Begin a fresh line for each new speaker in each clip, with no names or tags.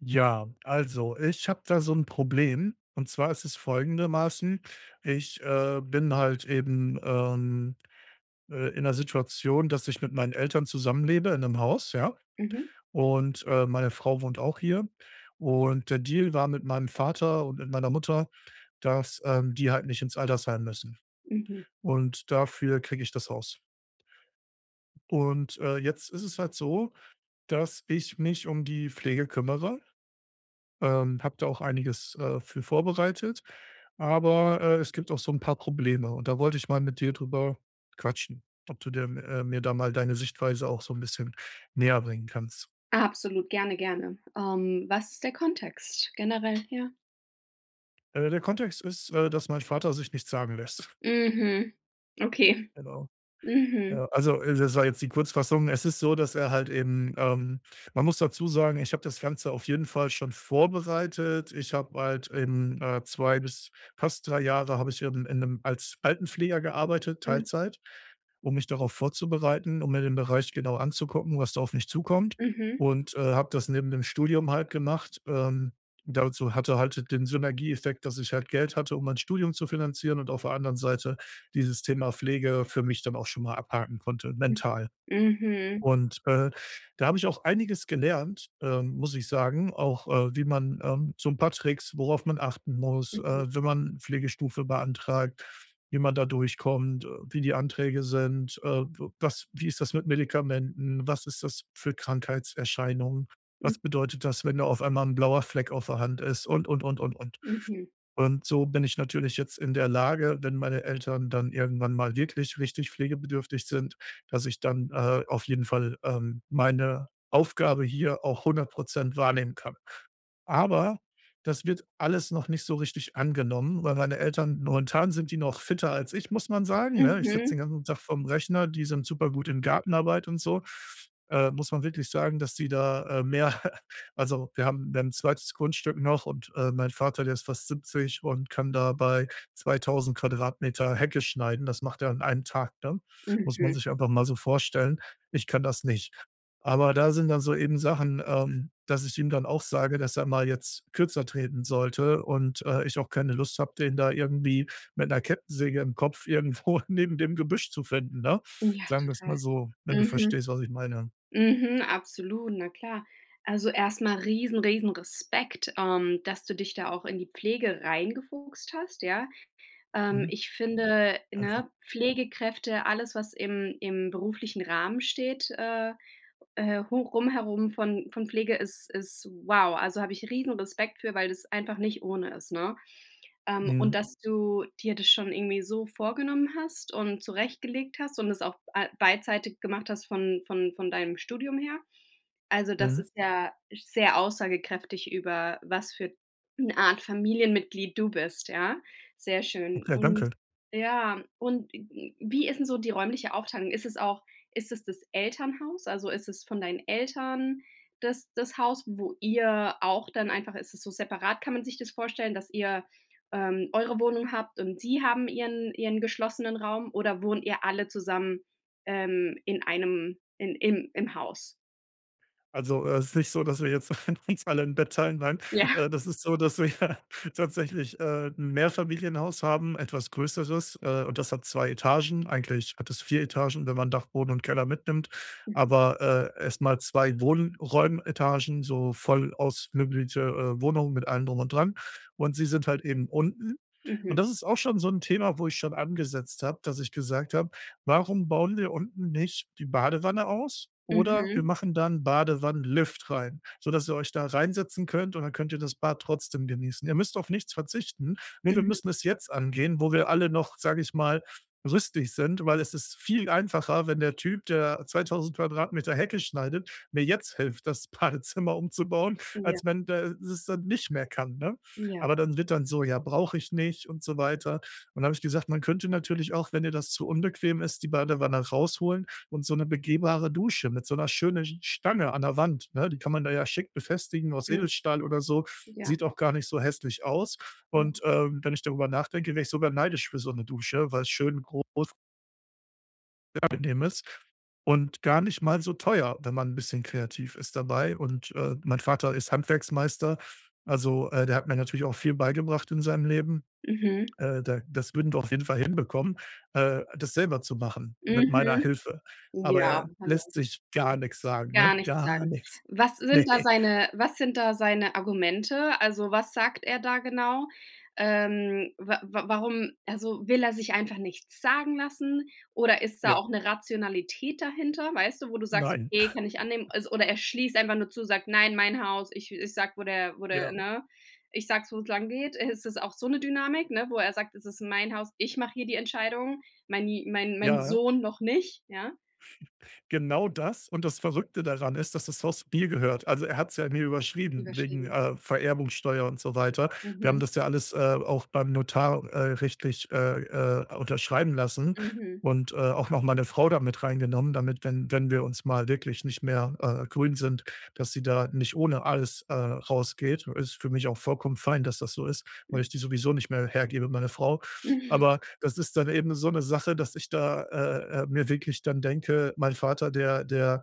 Ja, also, ich habe da so 'n Problem und zwar ist es folgendermaßen: Ich, äh, bin halt eben, ähm, äh, in 'ner Situation, dass ich mit meinen Eltern zusammenlebe in 'nem Haus, ja?
Mhm.
Und, äh, meine Frau wohnt auch hier. Und der Deal war, mit meinem Vater und mit meiner Mutter, dass, ähm, die halt nicht ins Altersheim müssen.
Mhm.
Und dafür kriege ich das Haus. Und, äh, jetzt ist es halt so, dass ich mich um die Pflege kümmere. Ähm, habe da auch einiges, äh, für vorbereitet, aber, äh, es gibt auch so 'n paar Probleme. Und da wollte ich mal mit dir drüber quatschen, ob du dir m äh, mir da mal deine Sichtweise auch so 'n bisschen näherbringen kannst.
Absolut, gerne, gerne. Ähm, was ist der Kontext generell hier?
Äh, der Kontext ist, äh, dass mein Vater sich nichts sagen lässt.
Mhm, okay.
Genau.
Mhm.
Ja, also, äh, das war jetzt die Kurzfassung. Es ist so, dass er halt eben, ähm man muss dazu sagen, ich habe das Ganze auf jeden Fall schon vorbereitet. Ich habe halt eben, äh, 2 bis fast 3 Jahre habe ich eben in 'nem als Altenpfleger gearbeitet,
Mhm.
Teilzeit, um mich darauf vorzubereiten. Um mir den Bereich genau anzugucken, was da auf mich zukommt
Mhm.
und, äh, habe das neben dem Studium halt gemacht. Ähm, dazu hatte halt, den Synergieeffekt, dass ich halt Geld hatte, um mein Studium zu finanzieren und auf der anderen Seite dieses Thema Pflege für mich dann auch schon mal abhaken konnte, mental.
Mhm.
Und, äh, da habe ich auch einiges gelernt, ähm, muss ich sagen. Auch, äh, wie man, ähm so 'n paar Tricks, worauf man achten muss,
Mhm.
äh, wenn man Pflegestufe beantragt. Wie man da durchkommt. Äh, wie die Anträge sind. Äh, w was wie ist das mit Medikamenten. Was ist das für Krankheitserscheinung. Was
M
bedeutet das, wenn da auf einmal 'n blauer Fleck auf der Hand ist und, und, und, und, und.
Mhm.
Und so bin ich natürlich jetzt in der Lage, wenn meine Eltern dann irgendwann mal wirklich richtig pflegebedürftig sind, dass ich dann, äh, auf jeden Fall, ähm, meine Aufgabe hier auch 100% wahrnehmen kann. Aber das wird alles noch nicht so richtig angenommen, weil meine Eltern momentan sind die noch fitter als ich, muss man sagen, ne? Ich sitze
Mhm.
den ganzen Tag vorm Rechner, die sind super gut in Gartenarbeit und so. Äh, muss man wirklich sagen, dass die da, äh, mehr also, wir haben, dann 'n 2. Grundstück noch und, äh, mein Vater, der ist fast 70 und kann da bei 2.000 Quadratmeter Hecke schneiden. Das macht er an einem Tag, ne? Muss man
Mhm.
sich aber mal so vorstellen. Ich kann das nicht. Aber da sind dann so eben Sachen, ähm, dass ich ihm dann auch sage, dass er mal jetzt kürzer treten sollte und, äh, ich auch keine Lust habe, den da irgendwie mit 'ner Kettensäge im Kopf irgendwo neben dem Gebüsch zu finden, ne?
Ja,
Sagen wir's mal
total.
so, wenn du
Mhm.
verstehst, was ich meine.
Mhm, absolut, na klar. Also, erst mal riesen riesen Respekt, ähm, dass du dich da auch in die Pflege reingefuchst hast, ja. Ähm,
Mhm.
ich finde,
Okay.
ne, Pflegekräfte, alles was im im beruflichen Rahmen steht, äh, äh, hoch rum herum von von Pflege ist ist wow, also, habe ich Riesen-Respekt für, weil das einfach nicht ohne ist, ne? Ähm, und
Mhm.
dass du dir das schon irgendwie so vorgenommen hast und zurechtgelegt hast und es auch a beidseitig gemacht hast von von von deinem Studium her, also, das
Mhm.
ist ja sehr aussagekräftig über was für 'ne Art Familienmitglied du bist, ja. Sehr schön.
Ok,
Und,
danke.
ja und w wie ist denn so die räumliche Aufteilung? Ist es auch ist es das Elternhaus? Also, ist es von deinen Eltern das das Haus, wo ihr auch dann einfach ist es so separat? Kann man sich das vorstellen, dass ihr, ähm, eure Wohnung habt und sie haben ihren ihren geschlossenen Raum oder wohnt ihr alle zusammen, ähm, in einem in im im Haus?
Also, es ist nicht so, dass wir jetzt uns alle 'n Bett teilen, nein.
Ja.
Äh, das ist so, dass wir tatsächlich, äh, 'n Mehrfamilienhaus haben etwas Größeres, äh, und das hat 2 Etagen. Eigentlich hat es 4 Etagen, wenn man Dachboden und Keller mitnimmt,
Mhm.
aber, äh, erst mal 2 Wohnraummetagen, so voll ausmöblierte, äh, Wohnungen mit allem drum und dran. Und sie sind halt eben unten. Und
Mhm.
das ist auch schon so 'n Thema, wo ich schon angesetzt habe, dass ich gesagt habe: „Warum bauen wir unten nicht die Badewanne aus oder wir
Mhm.
machen da 'n Badewannenlift rein, sodass ihr euch da reinsetzen könnt, und dann könnt ihr das Bad trotzdem genießen. Ihr müsst auf nichts verzichten.“ Ne, wir
Mhm.
müssen es jetzt angehen, wo wir alle noch, sage ich mal, rüstig sind. Weil es ist viel einfacher, wenn der Typ, der 2.000 Quadratmeter Hecke schneidet, mir jetzt hilft, das Badezimmer umzubauen,
Ja.
als wenn der das dann nicht mehr kann, ne?
Ja.
Aber dann wird dann so: „Ja, brauche ich nicht“ und so weiter. Und dann habe ich gesagt: „Man könnte natürlich auch, wenn dir das zu unbequem ist, die Badewanne rausholen und so 'ne begehbare Dusche mit so 'ner schönen Stange an der Wand“ ne? Die kann man da ja schick befestigen aus
Mhm.
Edelstahl oder so.
Ja.
Sieht auch gar nicht so hässlich aus,
Ja.
und, ähm, wenn ich darüber nachdenke, wäre ich sogar neidisch für so 'ne Dusche, weil es schön groß angenehm ist und gar nicht mal so teuer, wenn man 'n bisschen kreativ ist dabei. Und, äh, mein Vater ist Handwerksmeister. Also, äh, der hat mir natürlich auch viel beigebracht in seinem Leben.
Mhm.
Äh, da das würden wir auf jeden Fall hinbekommen, äh, das selber zu machen mit meiner
Mhm.
Hilfe. Aber
Ja,
er
hallo.
lässt sich gar nichts sagen,
Gar
ne?
nichts
Gar
sagen?
nichts.
Was sind
Ne.
da seine was sind da seine Argumente? Also, was sagt er da genau? Ähm, wa wa warum also, will er sich einfach nichts sagen lassen oder ist da
Ja.
auch 'ne Rationalität dahinter, weißt du, wo du sagst:
Nein.
„Okay, kann ich annehmen.“ Al oder er schließt einfach nur zu, sagt: „Nein, mein Haus. Ich ich sage, wo der wo der,
Ja.
ne? Ich sage, wo es lang geht.“ Äh, ist das auch so 'ne Dynamik, ne, wo er sagt: „Es ist mein Haus, ich mache hier die Entscheidung, meini mein mein
Ja.
Sohn noch nicht.“ Ja?
Genau das und das Verrückte daran ist, dass das Haus mir gehört. Also er hat es ja mir überschrieben wegen,
Überschrieben.
äh, Vererbungssteuer und so weiter. Wir haben
Mhm.
das ja alles, äh, auch beim Notar, äh, rechtlich, äh, äh, unterschreiben lassen
Mhm.
und, äh, auch noch meine Frau da mit reingenommen, damit, wenn wenn wir uns mal wirklich nicht mehr, äh, grün sind, dass sie da nicht ohne alles, äh, rausgeht. Ist für mich auch vollkommen fein, dass das so ist, weil
Mhm.
ich die sowieso nicht mehr hergebe, meine Frau. Aber das ist dann eben so 'ne Sache, dass ich da, äh, äh, mir wirklich dann denke, mein Vater, der der,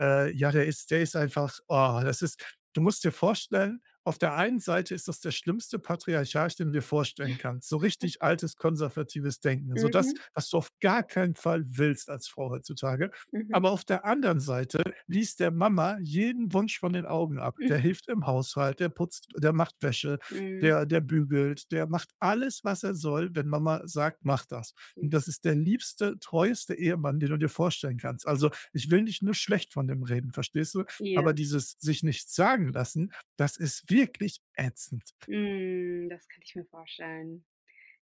äh, ja der ist der ist einfach, oh das ist du musst dir vorstellen, auf der einen Seite ist das der schlimmste Patriarch, den du dir vorstellen kannst, so richtig altes konservatives Denken. So das,
Mhm.
was du auf gar keinen Fall willst als Frau heutzutage.
Mhm.
Aber auf der anderen Seite liest der Mama jeden Wunsch von den Augen ab. Der
Mhm.
hilft im Haushalt, der putzt, der macht Wäsche,
Mhm.
der der bügelt, der macht alles, was er soll, wenn Mama sagt: „Mach das!“
Hm.
Und das ist der liebste, treueste Ehemann, den du dir vorstellen kannst. Also, ich will nicht nur schlecht von dem reden, verstehst du?
Ja.
Aber dieses, sich nichts sagen lassen, das ist wirklich ätzend.
Hm. Das kann ich mir vorstellen.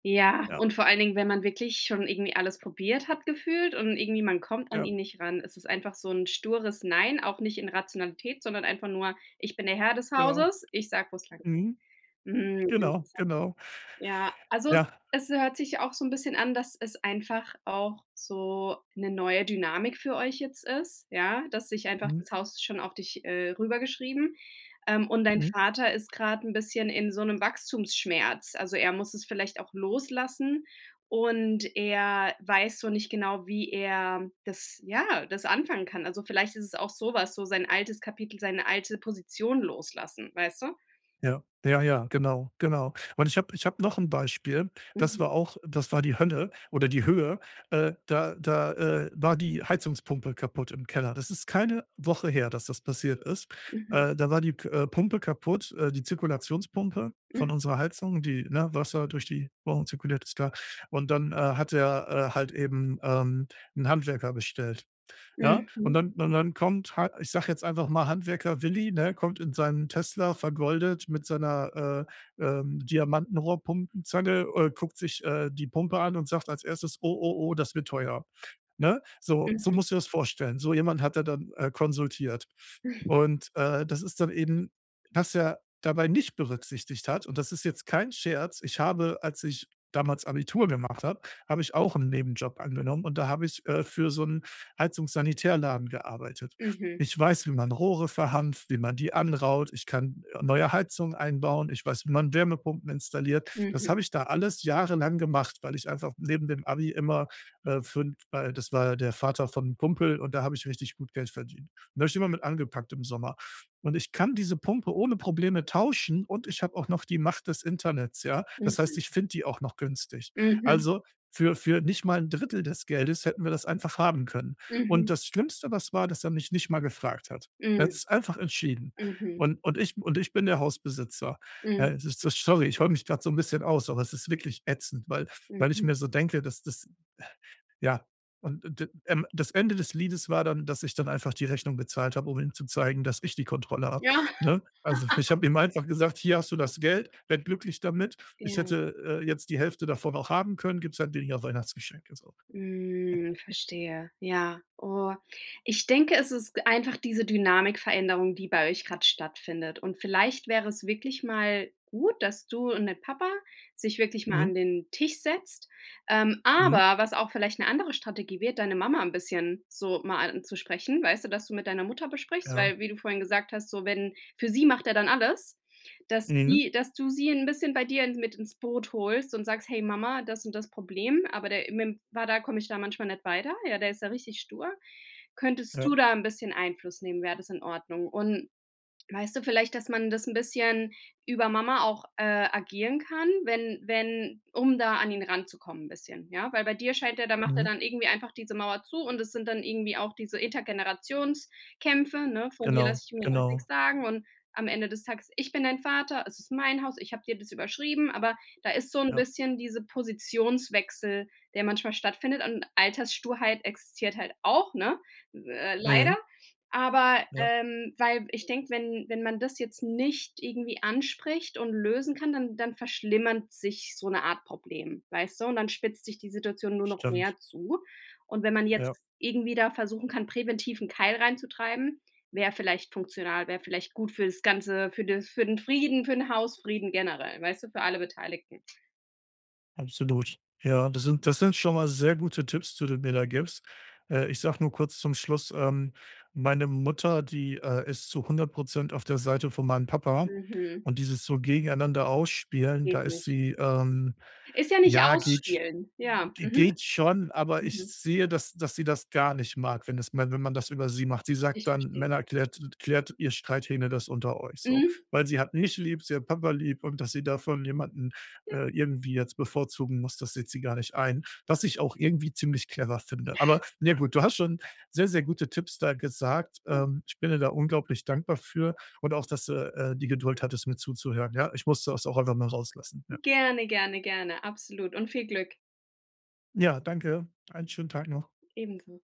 Ja
Ja.
und vor allen Dingen, wenn man wirklich schon irgendwie alles probiert hat gefühlt, und irgendwie man kommt an
Ja.
ihn nicht ran, es ist einfach so 'n stures Nein, auch nicht in Rationalität, sondern einfach nur: „Ich bin der Herr des
Genau.
Hauses. Ich sage wo es langgeht.“
Mhm.
Mhm,
Genau,
interessant.
genau.
Ja, also es
Ja.
es hört sich auch so 'n bisschen an, dass es einfach auch so 'ne neue Dynamik für euch jetzt ist, ja, dass sich einfach
Mhm.
das Haus schon auf dich äh, rüber geschrieben Ähm, und dein
Mhm.
Vater ist gerade 'n bisschen in so 'nem Wachstumsschmerz, also er muss es vielleicht auch loslassen, und er weiß so nicht genau, wie er, das ja, das anfangen kann. Also vielleicht ist es auch so was, so sein altes Kapitel, seine alte Position loslassen, weißt du?
Ja. Ja, ja, genau, genau. Und ich habe ich habe noch 'n Beispiel, das
Mhm.
war auch das war die Hölle oder die Höhe. Äh, da da, äh, war die Heizungspumpe kaputt im Keller. Das ist keine Woche her, dass das passiert ist.
Mhm.
Äh, da war die k äh, Pumpe kaputt, äh die Zirkulationspumpe von
Mhm.
unserer Heizung, die, ne, Wasser durch die Rohre zirkuliert- ist klar. Und dann, äh, hat er, äh, halt eben, ähm, 'n Handwerker bestellt, ja?
Mhm.
Und
[unintelligible]
dann und dann kommt, halt, ich sage jetzt einfach mal Handwerker Willi, ne, kommt in seinem Tesla vergoldet mit seiner, äh, ähm, Diamantenrohrpumpenzange, äh, guckt sich, äh, die Pumpe an und sagt als Erstes: „Oh, oh, oh, das wird teuer.“ Ne, so so
Mhm.
musst du dir das vorstellen. So jemanden hat er dann, äh, konsultiert und, äh, das ist dann eben was er dabei nicht berücksichtigt hat, und das ist jetzt kein Scherz ich habe als ich damals Abitur gemacht habe, habe ich auch 'n Nebenjob angenommen, und da habe ich, äh, für so 'n Heizungssanitärladen gearbeitet.
Mhm.
Ich weiß, wie man Rohre verhanft, wie man die anraut. Ich kann, äh, neue Heizungen einbauen. Ich weiß, wie man Wärmepumpen installiert. Das
Mhm.
habe ich da alles jahrelang gemacht, weil ich einfach neben dem Abi immer, äh, fün weil das war ja der Vater von 'nem Kumpel, und da habe ich richtig gut Geld verdient. Und da habe ich immer mit angepackt im Sommer. Und ich kann diese Pumpe ohne Probleme tauschen, und ich habe auch noch die Macht des Internets, ja? Das heißt,
Mhm.
ich finde die auch noch günstig.
Mhm.
Also, für für nicht mal 'n Drittel des Geldes hätten wir das einfach haben können. Und
Mhm.
das Schlimmste, was war, dass er mich nicht mal gefragt hat. Er hat
Mhm.
es einfach entschieden.
Mhm.
Und und ich und ich bin der Hausbesitzer.
Mhm.
Ey, ist so sorry, ich heule mich grade so 'n bisschen aus, aber es ist wirklich ätzend, weil weil ich
Mhm.
mir so denke, dass das, ja und d ähm, das Ende des Liedes war dann, dass ich dann einfach die Rechnung bezahlt habe, um ihm zu zeigen, dass ich die Kontrolle habe,
Ja.
ne? Also f ich habe ihm einfach gesagt: „Hier hast du das Geld, werde glücklich damit.“ Ich
Ja.
hätte, äh, jetzt die Hälfte davon auch haben können, gibt es halt weniger Weihnachtsgeschenke, so.
Mhm, verstehe, ja. Oh, ich denke, es ist einfach diese Dynamikveränderung, die bei euch gerade stattfindet, und vielleicht wäre es wirklich mal gut, dass du und der Papa sich wirklich mal
Mhm.
an den Tisch setzt, ähm
Mhm.
aber was auch vielleicht 'ne andere Strategie wäre, deine Mama 'n bisschen so mal anzusprechen, weißt du, dass du mit deiner Mutter besprichst
Ja.
weil wie du vorhin gesagt hast, so wenn für sie macht er dann alles, dass
Mhm.
die dass du sie 'n bisschen bei dir mit ins Boot holst und sagst: „Hey Mama, das und das Problem, aber der im mitm Vater komme ich da manchmal nicht weiter, ja, der ist da richtig stur. Könntest du
Ja.
da 'n bisschen Einfluss nehmen? Wäre das in Ordnung?“ Und, weißt du, vielleicht dass man das 'n bisschen über Mama auch, äh, agieren kann, wenn wenn um da an ihn ranzukommen bisschen, ja? Weil bei dir scheint der da macht er
Mhm.
dann irgendwie einfach diese Mauer zu und das sind dann irgendwie auch diese Elterngenerationskämpe, ne? „Von dir
Genau,
lasse ich mir doch nix
genau.
sagen.“ Und am Ende des Tages: „Ich bin dein Vater, es ist mein Haus, ich habe dir das überschrieben.“ Aber da ist so 'n
Ja.
bisschen diese Positionswechsel, der manchmal stattfindet, und Alterssturheit existiert halt auch, ne? Äh, leider.
Mhm.
Aber,
Ja.
ähm, weil ich denke, wenn wenn man das jetzt nicht irgendwie anspricht und lösen kann, dann dann verschlimmert sich so 'ne Art Problem, weißt du, und dann spitzt sich die Situation nur noch
Stimmt.
mehr zu, und wenn man jetzt
Ja.
irgendwie da versuchen kann, präventiv 'n Keil reinzutreiben, wäre vielleicht funktional, wäre vielleicht gut fürs Ganze, für den für den Frieden, für den Hausfrieden generell, weißt du, für alle Beteiligten.
Absolut. Ja, das sind das sind schon mal sehr gute Tipps, die du mir da gibst. Äh, ich sage nur kurz zum Schluss, ähm, meine Mutter, die, äh, ist zu 100 % auf der Seite von meinem Papa
Mhm.
und dieses so gegeneinander Ausspielen, da
Geht
ist
nicht.
sie, ähm
Ist ja nicht
ja, geht sch
ausspielen, ja. Mhm.
geht schon, aber ich
Mhm.
sehe, dass dass sie das gar nicht mag, wenn es wenn man das über sie macht. Sie sagt
Ich
dann:
verstehe.
„Männer, klärt klärt ihr Streithähne das unter euch.“ So,
Mhm.
weil sie hat mich lieb, sie hat Papa lieb und dass sie davon jemanden,
Ja.
äh, irgendwie jetzt bevorzugen muss, das sieht sie gar nicht ein. Was ich auch irgendwie ziemlich clever
Ja.
finde. Aber, ne, gut, du
[unintelligible]
hast schon sehr, sehr gute Tipps da gesagt.
[unintelligible]
Ähm, ich bin dir da unglaublich dankbar für und auch, dass du, äh, die Geduld hattest, mir zuzuhören, ja? Ich musste das auch einfach mal rauslassen. Ja.
Gerne, gerne, gerne. Absolut und viel Glück.
Ja, danke. Einen schönen Tag noch.
Ebenso.